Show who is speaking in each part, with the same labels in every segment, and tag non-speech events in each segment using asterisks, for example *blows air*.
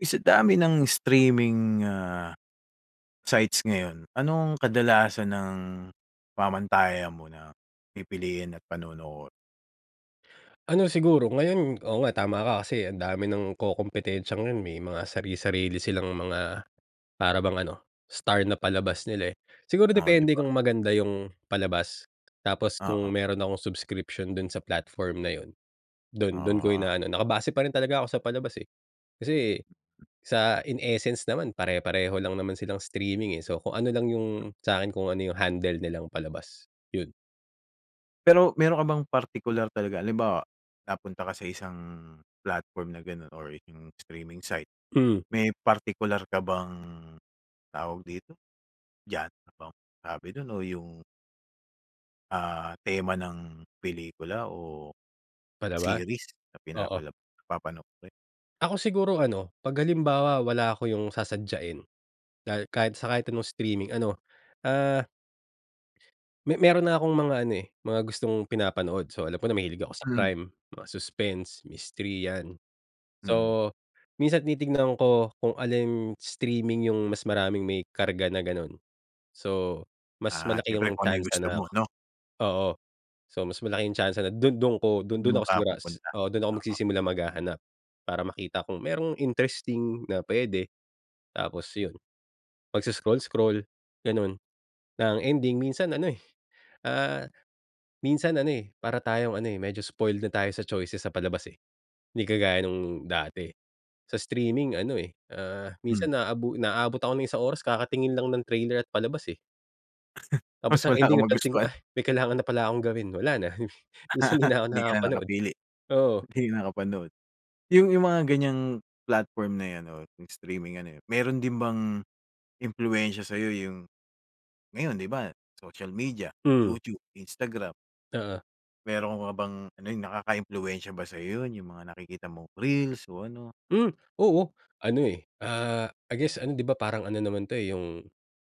Speaker 1: Eh, sa dami ng streaming, ah, sites ngayon anong kadalasan ang pamantayan mo na pipiliin at panonoorin?
Speaker 2: *gasps* Ano siguro ngayon, oo nga, tama ka kasi ang dami ng kokompetensiya ngayon. May mga sarisarili silang mga, para bang ano, star na palabas nila, eh. Siguro,
Speaker 1: Oh, di
Speaker 2: depende
Speaker 1: ba.
Speaker 2: kung maganda yung palabas. Tapos,
Speaker 1: Oo.
Speaker 2: kung meron akong subscription dun sa platform na yun dun dun ko
Speaker 1: Ah.
Speaker 2: ina-ano Naka-base pa rin talaga ako sa palabas, eh, kasi sa in essence naman pare-pareho lang naman silang streaming, eh. So, kung ano lang yung, sa'kin kung ano yung handle nilang palabas, yun.
Speaker 1: Pero, meron ka bang partikular talaga, halimbawa napunta ka sa isang platform na ganun or yung streaming site,
Speaker 2: Hmm.
Speaker 1: may partikular ka bang, tawag dito, genre? Sabi dun o yung Ah, tema ng pelikula o
Speaker 2: Palabas?
Speaker 1: series na
Speaker 2: Oo.
Speaker 1: pinapalab na papanoorin.
Speaker 2: Ako siguro, ano 'pag halimbawa wala ako, yung sasadyain. Dahil kahit sa kahit anong streaming ano, ah Me meron na akong mga ano, eh, mga gustong pinapanood. So, alam ko na mahilig ako sa
Speaker 1: Hmm.
Speaker 2: crime, mga suspense, mystery yan.
Speaker 1: Mm.
Speaker 2: So, minsan titignan ko kung alin streaming yung mas maraming may karga na ganun. So, mas
Speaker 1: Ah,
Speaker 2: malaki
Speaker 1: siyempre
Speaker 2: yung
Speaker 1: kung ano yung
Speaker 2: tiyansa
Speaker 1: gusto
Speaker 2: na,
Speaker 1: mo, 'no?
Speaker 2: oo. So, mas malaki yung tiyansa na dun dun ko dun
Speaker 1: Dun
Speaker 2: dun ako
Speaker 1: ka
Speaker 2: sigura
Speaker 1: pupunta,
Speaker 2: Oo, dun ako
Speaker 1: oo.
Speaker 2: magsisimulang maghahanap. Para makita kung mayro'ng interesting na pwede. Tapos, yun pag-scroll-scroll ganun. Na ang ending, minsan ano, eh, ah, minsan ano, eh, para tayong ano medyo spoiled na tayo sa choices sa palabas, eh. Hindi kagaya nung dati sa streaming ano, eh, ah,
Speaker 1: Hmm.
Speaker 2: minsan naabu naabot ako ng isang oras kakatingin lang ng trailer at palabas, eh.
Speaker 1: *chuckles*
Speaker 2: Tapos
Speaker 1: Tas
Speaker 2: ang
Speaker 1: wala
Speaker 2: ending
Speaker 1: kang
Speaker 2: napansin ko,
Speaker 1: magustuhan.
Speaker 2: ugh, may kailangan na pala akong gawin. Wala na, *chuckles* minsan hindi
Speaker 1: *laughs*
Speaker 2: na ako
Speaker 1: Hindi ka na
Speaker 2: nakakapanood.
Speaker 1: nakapili.
Speaker 2: Oo.
Speaker 1: Hindi ka nakapanood. 'Yong, 'yong mga ganyang platform na ‘yan ‘no, ‘yong streaming ano eh, meron din bang impluwensya sa iyo 'yong ngayon ‘di ba, social media,
Speaker 2: Hmm.
Speaker 1: YouTube, Instagram,
Speaker 2: Oo.
Speaker 1: meron ka bang ano, 'yong nakakaimpluwensya ba sa iyo ‘yon, ‘yong mga nakikita mong reels o ano?
Speaker 2: Hmm, oo. Ano eh, ah I guess ano, ‘di ba, parang ano naman ‘to eh, ‘yong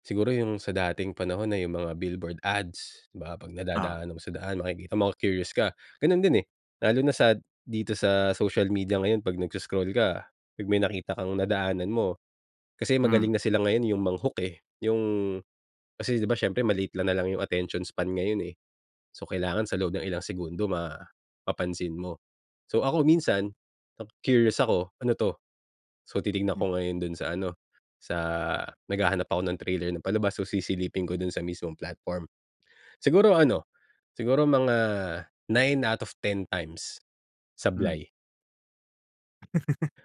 Speaker 2: siguro ‘yong sa dating panahon na ‘yong mga billboard ads, 'di ba 'pag
Speaker 1: Oo.
Speaker 2: nadadaanan mo sa daan, makikita mo, maku-curious ka. Gano’n din eh, lalo na sa dito sa social media ngayon 'pag nagse-scroll ka, ‘pag may nakita kang nadaanan mo, kasi
Speaker 1: Hmm.
Speaker 2: magaling na sila ngayon 'yong mang-hook eh, ‘yong kasi ‘di ba siyempre, maliit na lang ‘yong attention span ngayon, eh. So kailangan sa loob ng ilang segundo, mapapansin mo. So ako minsan, naku-curious ako, "Ano ‘to?" So titignan
Speaker 1: Hmm.
Speaker 2: ko ngayon doon sa ano, sa naghahanap ako ng trailer ng palabas, so sisilipin ko doon sa mismong platform. Siguro ano, siguro mga 9 out of 10 times,
Speaker 1: Hmm.
Speaker 2: sablay.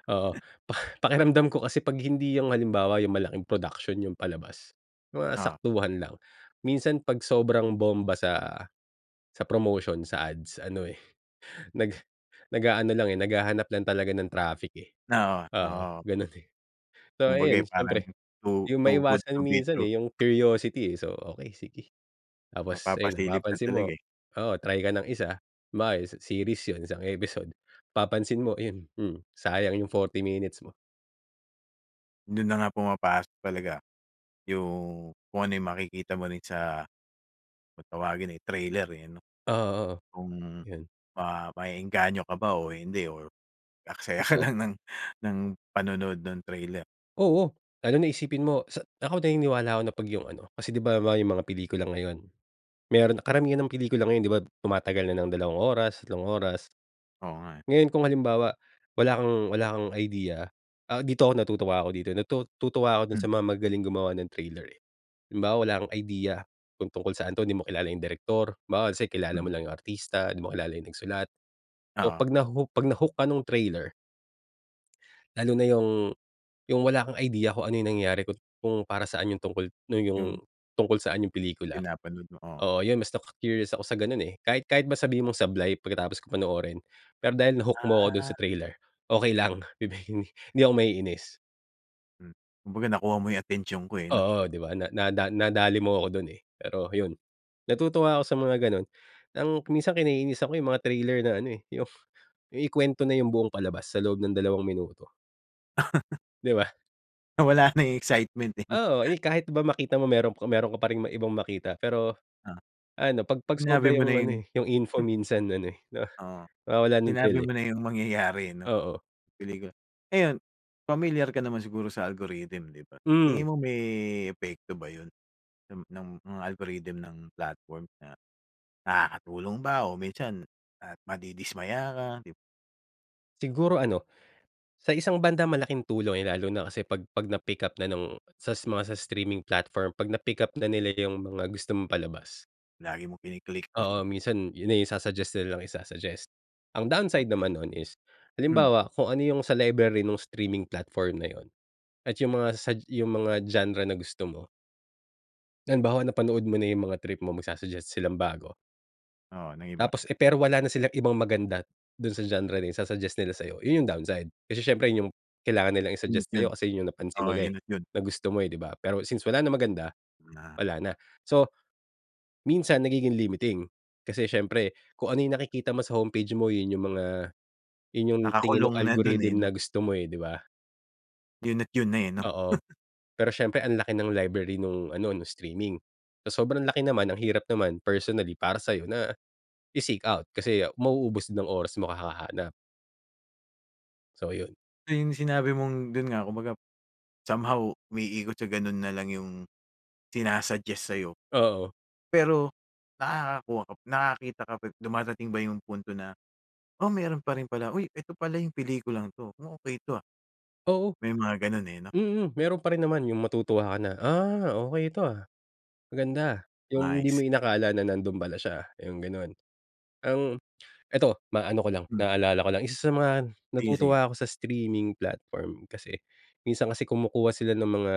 Speaker 2: Oo, pa *blows air* pakiramdam ko kasi 'pag hindi yung halimbawa, yung malaking production yung palabas, yung mga
Speaker 1: Oo.
Speaker 2: saktuhan lang. Minsan 'pag sobrang bomba sa sa promotion, sa ads, ano eh, nag nag-aano lang, eh, naghahanap lang talaga ng traffic, eh.
Speaker 1: Oo,
Speaker 2: Oo,
Speaker 1: oo.
Speaker 2: ganun, eh. *chuckles* So
Speaker 1: Kumbaga,
Speaker 2: ayun,
Speaker 1: eh, parang
Speaker 2: syempre
Speaker 1: to
Speaker 2: 'di yun
Speaker 1: "Too good
Speaker 2: maiwasan
Speaker 1: to be
Speaker 2: minsan,
Speaker 1: true."
Speaker 2: eh, yung curiosity, eh. So, okey sige. Tapos ayun na,
Speaker 1: Mapapasilip ka
Speaker 2: mapapansin mo
Speaker 1: talaga, eh.
Speaker 2: oo, try ka ng isa. Halimbawa, series yun, isang episode, papansin mo, yun hmm, sayang yung 40 minutes mo.
Speaker 1: Dun na nga pumapasok talaga yung kung ano yung makikita mo rin sa kung tawagin ay trailer, eh, ano.
Speaker 2: Oo, oo,
Speaker 1: Kung
Speaker 2: yun.
Speaker 1: ma ma-e-engganyo ka ba o hindi or mag-aaksaya ka
Speaker 2: Totoo.
Speaker 1: lang ng ng ng panonood nung trailer.
Speaker 2: Oo. Lalo na isipin mo, sa ako, naniniwala ako na 'pag yung ano, kasi, 'di ba halimbawa yung mga pelikula ngayon, meron na karamihan ng pelikula ngayon, 'di ba tumatagal na ng dalawang oras, tatlong oras.
Speaker 1: Oo nga, eh.
Speaker 2: Ngayon, kung halimbawa, wala kang wala kang idea, ah, dito ako natutuwa ako dito, natutuwa ako dun sa
Speaker 1: Hmm.
Speaker 2: mga magagaling gumawa ng trailer, eh. Halimbawa, wala kang idea kung tungkol saan 'to, di mo kilala yung direktor, halimbawa, let's say, kilala mo
Speaker 1: Mm.
Speaker 2: lang yung artista, di mo kilala yung nagsulat. So,
Speaker 1: Oo.
Speaker 2: 'pag naho 'pag na-hook ka nung trailer lalo na yung yung wala kang idea kung ano yung nangyari, kung kung para saan yung tungkol nung yung
Speaker 1: Yung?
Speaker 2: tungkol saan yung pelikula.
Speaker 1: Pinapanood mo, oo.
Speaker 2: Oo yun, mas naku-curious ako sa ganun, eh. Kahit kahit ba sabihin mong sablay pagkatapos kong panoorin, pero dahil na-hook mo ako dun sa
Speaker 1: Ah.
Speaker 2: trailer, okey lang, bibihin hindi ako maiinis.
Speaker 1: Mm. Kumbaga, nakuha mo yung atensyon ko, eh, 'no?
Speaker 2: Oo, 'di ba? Na na nadali mo ako dun, eh. Pero, yun natutuwa ako sa mga ganun. Ang minsan kinainisan ko yung mga trailer na ano, eh, yung ikuwento na yung buong palabas sa loob ng dalawang minuto. Di ba?
Speaker 1: Nawala na *laughs* yung excitement, eh.
Speaker 2: Oo.
Speaker 1: *laughs*
Speaker 2: Eh, kahit ba makita mo, meron ka meron ka pa ring ibang makita. Pero,
Speaker 1: Ah,
Speaker 2: ano pag pag
Speaker 1: sinabi
Speaker 2: sobra
Speaker 1: mo na
Speaker 2: yung ano,
Speaker 1: yun.
Speaker 2: eh, yung info minsan ano, eh, 'no
Speaker 1: Oo,
Speaker 2: mawawalan ng thrill,
Speaker 1: sinabi
Speaker 2: eh.
Speaker 1: mo na yung mangyayari, eh, 'no,
Speaker 2: Oo.
Speaker 1: pelikula. Ayun, pamilyar ka naman siguro sa algorithm, 'di ba?
Speaker 2: Mm.
Speaker 1: Tingin mo may, epekto ba yun ng ng mga algorithm ng platform? Na nakakatulong ba o minsan, ah, madidismaya ka? 'Di ba?
Speaker 2: Siguro ano, sa isang banda malaking tulong, eh. Yan, lalo na kasi 'pag 'pag na-pick-up na nung sa mga, sa streaming platform, 'pag na-pick-up na nila yung mga gusto mong palabas.
Speaker 1: Lagi mong kini-click.
Speaker 2: Oo,
Speaker 1: *chuckles*
Speaker 2: minsan yun na yung isa-suggest nila ng isa-suggest. Ang downside
Speaker 1: Okey.
Speaker 2: naman nun is
Speaker 1: Mm.
Speaker 2: halimbawa, kung ano yung sa library nung streaming platform na yun at yung mga sug yung mga genre na gusto mo. Halimbawa napanood mo na yung mga trip mo, magsa-suggest silang bago.
Speaker 1: Oo, ng iba.
Speaker 2: Tapos, eh, pero wala na silang ibang maganda, doon sa genre na isa-suggest nila sa'yo. 'Yon yung downside. Kasi siyempre 'yon yung, kailangan nilang
Speaker 1: Yun,
Speaker 2: i-suggest
Speaker 1: yun.
Speaker 2: sa’yo, kasi 'yon yung napansin
Speaker 1: Oo,
Speaker 2: nila eh,
Speaker 1: yun at yun.
Speaker 2: na gusto mo eh, di ba? Pero since wala nang maganda,
Speaker 1: Na
Speaker 2: wala na. So, minsan nagiging limiting. Kasi siyempre, kung ano yung nakikita mo sa homepage mo 'yon yung mga yun yung tingin nung
Speaker 1: Nakakulong na dun eh,
Speaker 2: algorithm
Speaker 1: ‘no.
Speaker 2: na gusto mo eh, di ba?
Speaker 1: Yun at yun na eh, ‘no? *chuckles*
Speaker 2: Oo, pero siyempre, ang laki ng library nung ano, nung streaming. Sa sobrang laki naman, ang hirap naman, personally, para sa'yo na i-seek out. Kasi mauubos din ang oras mo kahahanap. So, 'yon.
Speaker 1: Na yung sinabi mong doon nga, kumbaga, somehow umiikot sa gano’n na lang yung sina-suggest sa’yo.
Speaker 2: Oo.
Speaker 1: Pero nakakakuha ka pa, nakakita ka pa dumadating ba yung punto na, “Oh, meron pa rin pala, uy, ito pala yung pelikulang ‘to. Oh, okey ‘to, ah.”
Speaker 2: Oo,
Speaker 1: May mga gano’n eh, 'no?
Speaker 2: mm, meron pa rin naman, yung matutuwa ka na, “Ah, okey ‘to, ah, maganda,” yung
Speaker 1: I
Speaker 2: hindi mo
Speaker 1: see.
Speaker 2: inakala na nando'n pala siya, yung gano'n. Ang ito, maaano ko lang,
Speaker 1: Mm.
Speaker 2: naalala ko lang. Isa sa mga
Speaker 1: Sige, sige.
Speaker 2: natutuwa ako sa streaming platform kasi, minsan kasi kumukuha sila ng mga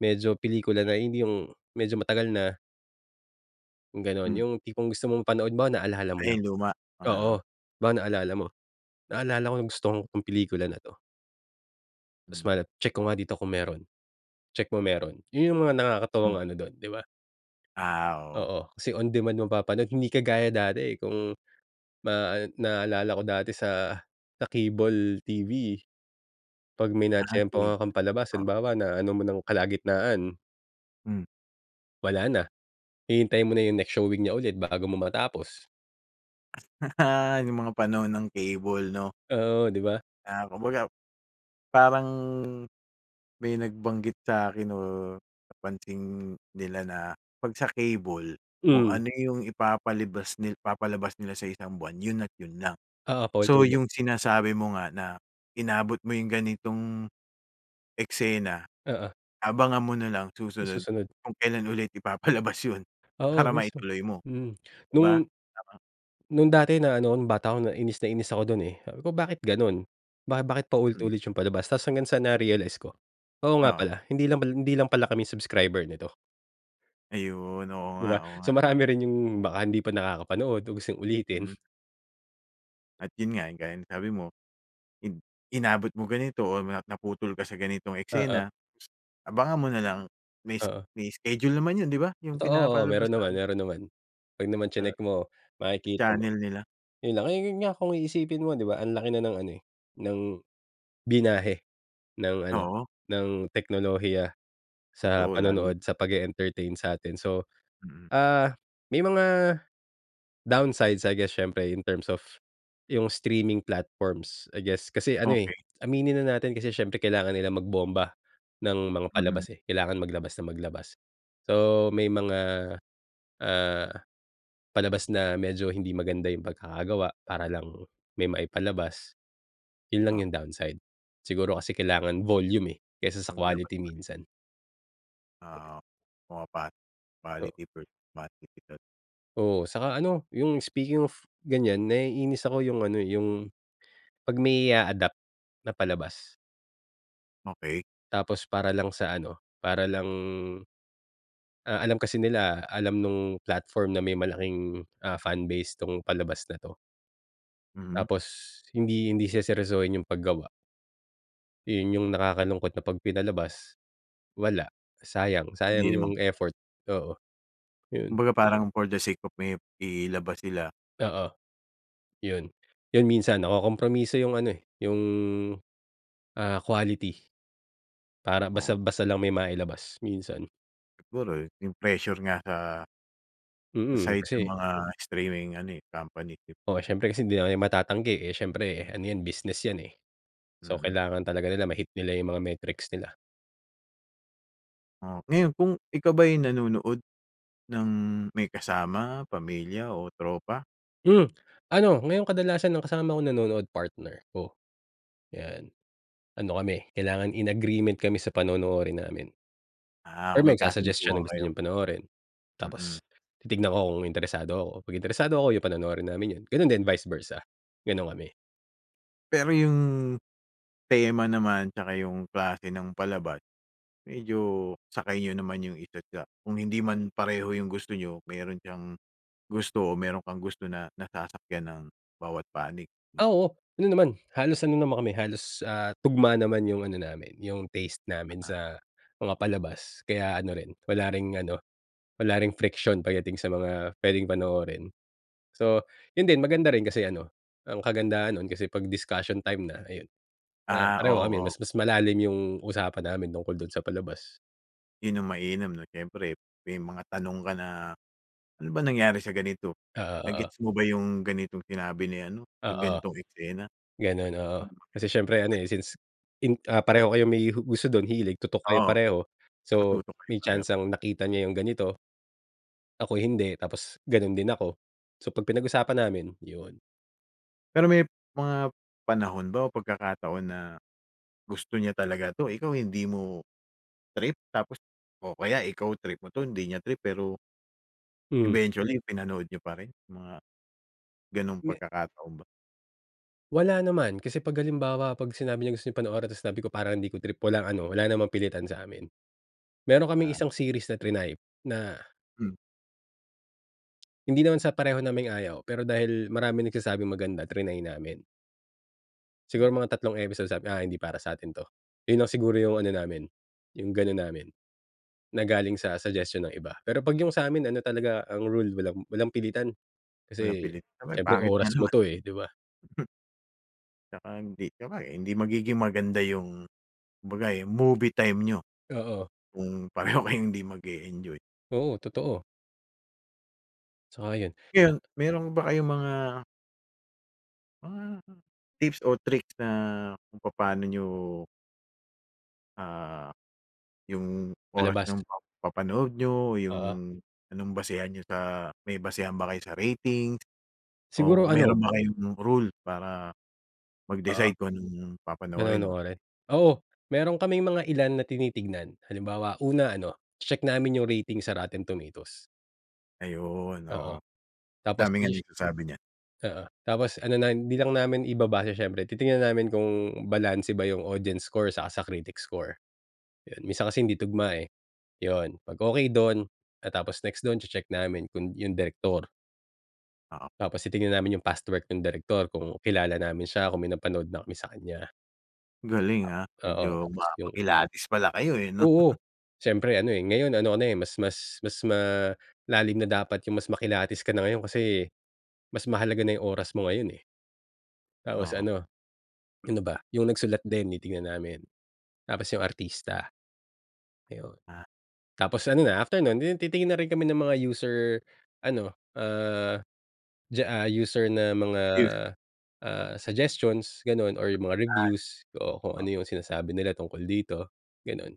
Speaker 2: medyo pelikula na, hindi yung, medyo matagal na. Ganun,
Speaker 1: Hmm.
Speaker 2: yung tipong gusto mong panood mo naalala mo
Speaker 1: Ay,
Speaker 2: lang,
Speaker 1: yung luma?
Speaker 2: oo.
Speaker 1: *unintelligible*
Speaker 2: Baka naalala mo, "Naalala kong gusto kong 'tong pelikula na 'to."
Speaker 1: Hmm.
Speaker 2: Tapos, mal "Check ko nga dito kung meron, check mo meron." Yun yung mga
Speaker 1: Hmm.
Speaker 2: nakakatawang ano dun, di ba?
Speaker 1: Ah, oo.
Speaker 2: Oo, kasi on demand mapapanood. Hindi kagaya dati, eh, kung ma naalala ko dati sa sa cable TV, 'pag may
Speaker 1: Ah, cable,
Speaker 2: natiyempuhan kang palabas,
Speaker 1: oo.
Speaker 2: halimbawa, naano mo ng kalagitnaan
Speaker 1: Hmm.
Speaker 2: wala na. Hihintayin mo na yung next showing niya ulit bago mo matapos.
Speaker 1: *laughs* Yung mga panahon ng cable, 'no?
Speaker 2: Oo, di ba?
Speaker 1: Ah, kumbaga parang may nagbanggit sa akin o napansin nila na 'pag sa cable, kung
Speaker 2: Hmm.
Speaker 1: ano yung ipapalibas ni ipapalabas nila sa isang buwan, yun at yun lang.
Speaker 2: Oo,
Speaker 1: So,
Speaker 2: paulit-ulit.
Speaker 1: yung sinasabi mo nga na inabot mo yung ganitong eksena,
Speaker 2: Oo.
Speaker 1: abangan mo nalang
Speaker 2: Yung
Speaker 1: susunod
Speaker 2: susunod.
Speaker 1: kung kailan ulit ipapalabas yun
Speaker 2: Oo,
Speaker 1: para
Speaker 2: mismo.
Speaker 1: maituloy mo,
Speaker 2: Hmm,
Speaker 1: di ba?
Speaker 2: nung
Speaker 1: Tama?
Speaker 2: nung dati na ano ako, nung bata ako, inis na inis ako dun, eh. Sabi ko, "Bakit ganun? Ba bakit paulit
Speaker 1: Hmm.
Speaker 2: ulit yung palabas?" Tapos hanggang sa na-realize ko, "Oo, nga
Speaker 1: Oo.
Speaker 2: pala. Hindi lang pa hindi lang pala kami subscriber nito
Speaker 1: Ayun, oo
Speaker 2: di
Speaker 1: nga,
Speaker 2: ba?
Speaker 1: oo nga.
Speaker 2: So, marami rin yung baka hindi pa nakakapanood o yung gustong ulitin.
Speaker 1: Mhm. At 'yon nga yung gaya ng sabi mo, in inabot mo ganito o na naputol ka sa ganitong
Speaker 2: Oo.
Speaker 1: eksena. Abangan mo na lang mis
Speaker 2: Oo.
Speaker 1: may schedule naman 'yon, 'di ba? 'Yong
Speaker 2: Totoo. Oo,
Speaker 1: pinapalabas
Speaker 2: meron
Speaker 1: sa
Speaker 2: naman
Speaker 1: ano
Speaker 2: meron naman. 'Pag naman
Speaker 1: sa...
Speaker 2: tsinek mo, makikita mo.
Speaker 1: channel nila.
Speaker 2: Yun lang yu 'yon nga kung iisipin mo, di ba? Ang laki na ng ano, eh. Ng binyahe, ng ano,
Speaker 1: Oo.
Speaker 2: ng teknolohiya sa
Speaker 1: Totoo, lalo
Speaker 2: panonood,
Speaker 1: na.
Speaker 2: sa pag-e-entertain sa atin, so,
Speaker 1: Mm.
Speaker 2: ah, may mga downsides, I guess siyempre in terms of, yung streaming platforms, I guess. Kasi ano, eh,
Speaker 1: Okey.
Speaker 2: aminin na natin kasi siyempre kailangan nilang magbomba, ng mga
Speaker 1: Mm.
Speaker 2: palabas, eh, kailangan maglabas ng maglabas. So, may mga, ah, palabas na medyo hindi maganda yung pagkakagawa para lang may maipalabas. 'Yon lang
Speaker 1: Ah.
Speaker 2: yung downside. Siguro kasi kailangan volume, eh, kaysa sa
Speaker 1: Paglabas
Speaker 2: quality
Speaker 1: pa rin.
Speaker 2: minsan.
Speaker 1: Oo.
Speaker 2: Oo.
Speaker 1: Pumapa-quality first, quantity din.
Speaker 2: Oo, saka ano, yung speaking of, ganyan naiinis ako yung ano, eh, yung 'pag may i-a-adopt na palabas.
Speaker 1: Okey.
Speaker 2: Tapos para lang sa ano, para lang ah, alam kasi nila, alam nung platform na may malaking, ah, fan base 'tong palabas na 'to.
Speaker 1: Mm.
Speaker 2: Tapos hindi hindi seseryosohin yung paggawa. Yun yung nakakalungkot na ‘pag pinalabas, wala. Sayang sayang
Speaker 1: Hindi naman
Speaker 2: yung
Speaker 1: pala.
Speaker 2: effort. Oo, yun.
Speaker 1: Kumbaga parang for the sake of may ilabas nila.
Speaker 2: Oo. Yun, yun minsan nakokompromiso yung ano, eh, yung, ah, quality. Para basta
Speaker 1: Oo.
Speaker 2: basta lang may mailabas, minsan.
Speaker 1: Siguro yung pressure nga sa sa
Speaker 2: Mm.
Speaker 1: side ng
Speaker 2: Kasi,
Speaker 1: mga streaming ano, eh, company PIP.
Speaker 2: Oo, syempre kasi hindi naman 'yan matatanggi. Eh, siyempre ano 'yan, business 'yan, eh. So,
Speaker 1: Mhm.
Speaker 2: kailangan talaga nila ma-hit nila yung mga metrics nila.
Speaker 1: Oh. Ngayon, kung ikaw ba yung nanonood ng may kasama, pamilya o tropa?
Speaker 2: Mm. Ano, ngayong kadalasan ang kasama ko nanonood partner ko. ‘Yan, ano kami, kailangan in agreement kami sa panonoorin namin.
Speaker 1: Ah,
Speaker 2: Or
Speaker 1: kung may
Speaker 2: magsa-suggest siya
Speaker 1: kasunduan
Speaker 2: ng gusto
Speaker 1: kayo.
Speaker 2: niyang panoorin.
Speaker 1: Mm.
Speaker 2: Tapos titignan ko kung interesado ako. 'Pag interesado ako, yun panonoorin namin yun. Ganun din, vice versa. Ganun kami.
Speaker 1: Pero 'yung, tema naman, tsaka 'yung klase ng palabas, medyo sakay niyo naman 'yung isa't isa kung hindi man pareho 'yung gusto niyo, meron siyang gusto o meron kang gusto na nasasakyan ng bawat panig 'no.
Speaker 2: Oo, ano naman, halos ano naman kami, halos, ah, tugma naman 'yung ano namin 'yung taste namin
Speaker 1: Ah.
Speaker 2: sa mga palabas. Kaya ano rin, wala ring ano, wala ring friction pagdating sa mga puwedeng panoorin. So, 'yon din, maganda rin kasi ano, ang kagandahan noon kasi 'pag discussion time na, ayun, ah,
Speaker 1: Ah,
Speaker 2: pareho
Speaker 1: oo,
Speaker 2: kami.
Speaker 1: oo.
Speaker 2: Mas, mas malalim 'yung usapan namin tungkol do'n sa palabas.
Speaker 1: 'Yun ang mainam 'no, siyempre may mga tanong ka na, "Ano ba nangyari sa ganito?
Speaker 2: Oo,
Speaker 1: Na
Speaker 2: oo.
Speaker 1: gets mo ba 'yung ganitong sinabi ni ano 'yung
Speaker 2: Oo.
Speaker 1: ganitong eksena?"
Speaker 2: Ganun, oo. Kasi siyempre ano
Speaker 1: *unintelligible*
Speaker 2: eh, since in ah, pareho kayong may hu gusto dun, hilig, tutok kayo
Speaker 1: Oo,
Speaker 2: pareho. So
Speaker 1: nakatutok rin
Speaker 2: may
Speaker 1: ba kayo?
Speaker 2: tiyansang nakita niya yung ganito, ako hindi tapos ganun din ako. So pag pinag-usapan namin yun.
Speaker 1: Pero may mga panahon ba o pagkakataon na gusto niya talaga 'to, ikaw hindi mo trip tapos o kaya ikaw trip mo 'to, hindi niya trip pero
Speaker 2: Hmm.
Speaker 1: eventually pinanood niyo pa rin? Mga ganong
Speaker 2: Me
Speaker 1: pagkakataon ba.
Speaker 2: Wala naman. Kasi 'pag halimbawa, 'pag sinabi niya gusto 'yung panoorin, tas sinabi ko parang hindi ko trip walang ano, wala namang pilitan sa amin. Meron kaming
Speaker 1: Ah.
Speaker 2: isang series na triny, na
Speaker 1: Hmm.
Speaker 2: Hindi naman sa pareho naming ayaw, pero dahil maraming nagsasabing maganda, triny namin.
Speaker 1: Hmm.
Speaker 2: Siguro mga tatlong episode sabi, "Ah hindi para sa'tin 'to." 'Yun lang siguro 'yung ano namin, 'yung ganun namin, na galing sa suggestion ng iba. Pero, 'pag 'yung sa'min, ano talaga ang rule, walang walang pilitan.
Speaker 1: Walang
Speaker 2: Kasi
Speaker 1: pilit. Aba'y
Speaker 2: siyempre
Speaker 1: pangit nga
Speaker 2: oras mo
Speaker 1: naman.
Speaker 2: 'to eh, 'di ba?
Speaker 1: *chuckles* Tsaka hindi. Tsaka, eh, hindi magiging maganda 'yung, kumbaga, movie time niyo,
Speaker 2: Oo.
Speaker 1: kung pareho kayong hindi mag-e-enjoy.
Speaker 2: Oo, totoo. Sang-ayon.
Speaker 1: Ngayon, meron ba kayong mga Ah, tips o tricks na, kung papa'no n'yo Ah, 'yong oras
Speaker 2: Palabas.
Speaker 1: nung pagpapanood niyo, 'yung
Speaker 2: Oo.
Speaker 1: anong basehan niyo sa, may basehan ba kayo sa ratings o
Speaker 2: Siguro ano.
Speaker 1: meron ba kayong rule para,
Speaker 2: Oo.
Speaker 1: mag-decide kung anong papanoorin o
Speaker 2: Panonoorin. Oo. Meron kaming mga ilan na tinitignan. Halimbawa, una ano, che-check namin 'yung rating sa Rotten Tomatoes.
Speaker 1: Ayon,
Speaker 2: Oo,
Speaker 1: oo.
Speaker 2: tapos
Speaker 1: Dami nga
Speaker 2: ish
Speaker 1: nagsasabi niyan.
Speaker 2: oo. Tapos ano na, hindi lang namin ibabase siyempre, titingnan na namin kung balanse ba ‘yung audience score saka sa critic score. ‘Yon, minsan kasi hindi tugma eh, ‘yun. 'Pag okay doon, tapos next doon, che-check namin kung ‘yung direktor.
Speaker 1: Oo.
Speaker 2: Tapos titingnan namin yung past work ng direktor, kung kilala namin siya, kung may napanood na kami sa kanya.
Speaker 1: Galing ah.
Speaker 2: Oo,
Speaker 1: Medyo
Speaker 2: tapos
Speaker 1: ma
Speaker 2: yung
Speaker 1: makilatis pala kayo, eh, ‘no. *laughs*
Speaker 2: Oo. Siyempre ano eh, ngayon ano ano eh, mas mas mas malalim na dapat yung mas makilatis ka na ngayon kasi mas mahalaga na ‘yung oras mo ngayon, eh. Tapos
Speaker 1: Oo.
Speaker 2: ano, ano ba? ‘Yung nagsulat din, titignan namin tapos ‘yung artista. Ayun,
Speaker 1: Ah.
Speaker 2: tapos ano na, after no’n, titingin na rin kami ng mga user ano, ah, diyaa user na mga,
Speaker 1: Yes.
Speaker 2: ah, suggestions, gano’n or ‘yung mga
Speaker 1: Ah.
Speaker 2: reviews o kung
Speaker 1: Oo.
Speaker 2: ano ‘yung sinasabi nila tungkol dito, gano’n.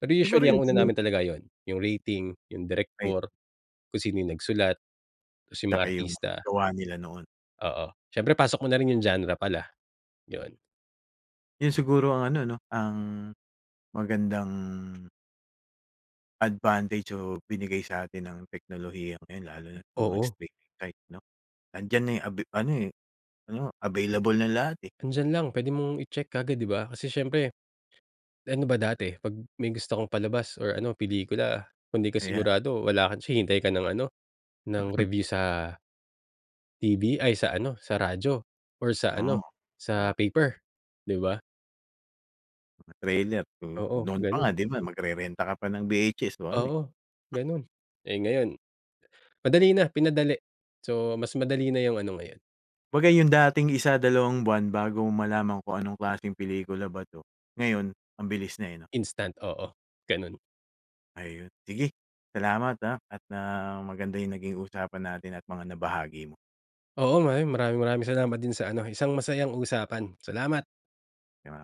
Speaker 2: Pero
Speaker 1: Siguro
Speaker 2: usually, ang
Speaker 1: ‘yun
Speaker 2: una
Speaker 1: din ‘yung
Speaker 2: namin talaga ‘yon, ‘yung rating, ‘yung
Speaker 1: Ay.
Speaker 2: direktor, kung sino ‘yung nagsulat tapos ‘yung mga
Speaker 1: Tsaka yung mga
Speaker 2: artista.
Speaker 1: gawa nila noon.
Speaker 2: Oo. Siyempre pasok mo na rin yung genre pala, 'yon.
Speaker 1: 'Yun siguro ang ano 'no, ang magandang advantage o binigay sa atin ng teknolohiyang 'yan lalo na mga
Speaker 2: Oo.
Speaker 1: streaming site 'no. Andiyan na 'yun, abi ano, eh, ano available na lahat eh.
Speaker 2: Nandiyan lang. Puwede mong itsek kaagad ,'di ba? Kasi siyempre, ano ba dati? 'Pag may gusto kang palabas or ano, pelikula, kung hindi ka
Speaker 1: Ayan.
Speaker 2: sigurado, wala kang chi hintay ka ng ano, ng review sa TV ay, sa ano, sa radyo or sa
Speaker 1: Oo,
Speaker 2: ano, sa
Speaker 1: ah.
Speaker 2: paper, di ba?
Speaker 1: Mga trailer. Mm.
Speaker 2: Oo,
Speaker 1: Noon pa nga
Speaker 2: ganun.
Speaker 1: di ba, magrerenta ka pa ng VHS 1 eh.
Speaker 2: Oo, ganun. Eh, ngayon madali na, pinadali. So, mas madali na yung ano ngayon.
Speaker 1: Kumbaga 'yung dating isa, dalawang buwan bago mo malaman kung anong klaseng pelikula ba ito, ngayon ang bilis na eh, 'no.
Speaker 2: Instant. Oo. Ganun.
Speaker 1: Ayun, sige. Salamat ah. At, ah, maganda 'yung naging usapan natin at mga nabahagi mo.
Speaker 2: Oo nga. 'Yon, maraming-maraming salamat din sa ano, isang masayang usapan. Salamat.
Speaker 1: Kaya nga.